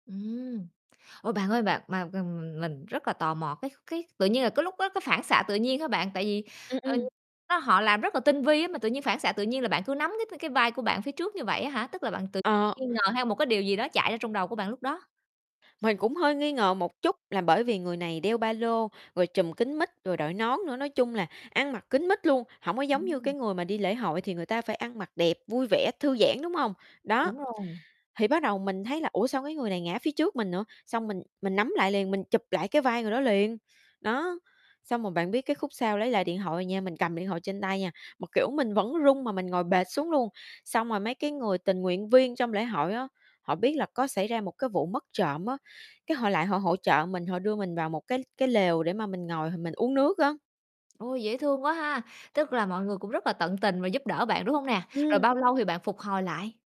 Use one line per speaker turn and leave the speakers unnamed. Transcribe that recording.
Ừm. Ủa, bạn ơi bạn, mà m mình rất là tò mò, cái cái tự nhiên là cái lúc đó cái phản xạ tự nhiên hả bạn? Tại vì,
Ừm,
ờ,
ừm.
nó họ làm rất là tinh vi á, mà tự nhiên phản xạ tự nhiên là bạn cứ nắm c cái cái vai của bạn phía trước như vậy á hả? Tức là bạn tự
Ờ.
nghi ngờ, hay một cái điều gì đó chạy ra trong đầu của bạn lúc đó?
Mình cũng hơi nghi ngờ một chút là bởi vì người này đeo ba lô, rồi trùm kín mít, rồi đội nón nữa, nói chung là ăn mặc kín mít luôn, hổng có giống như cái
Ừm.
người mà đi lễ hội thì người ta phải ăn mặc đẹp, vui vẻ, thư giãn, đúng hông? Đó,
Đúng rồi.
thì bắt đầu mình thấy là, "Ủa, sao cái người này ngã phía trước mình nữa?" xong mình mình nắm lại liền, mình chụp lại cái vai người đó liền. Đó, xong rồi bạn biết cái khúc sau lấy lại điện thoại nha, mình cầm điện thoại trên tay nha, mà, kiểu, mình vẫn run mà mình ngồi bệt xuống luôn. Xong rồi mấy cái người tình nguyện viên trong lễ hội á, họ biết là có xảy ra một cái vụ mất trộm á, cái họ lại họ hỗ trợ mình, họ đưa mình vào một cái cái lều để mà mình ngồi mình uống nước á.
Ôi, dễ thương quá ha, tức là mọi người cũng rất là tận tình và giúp đỡ bạn, đúng hông nè, rồi
Ừm.
bao lâu thì bạn phục hồi lại?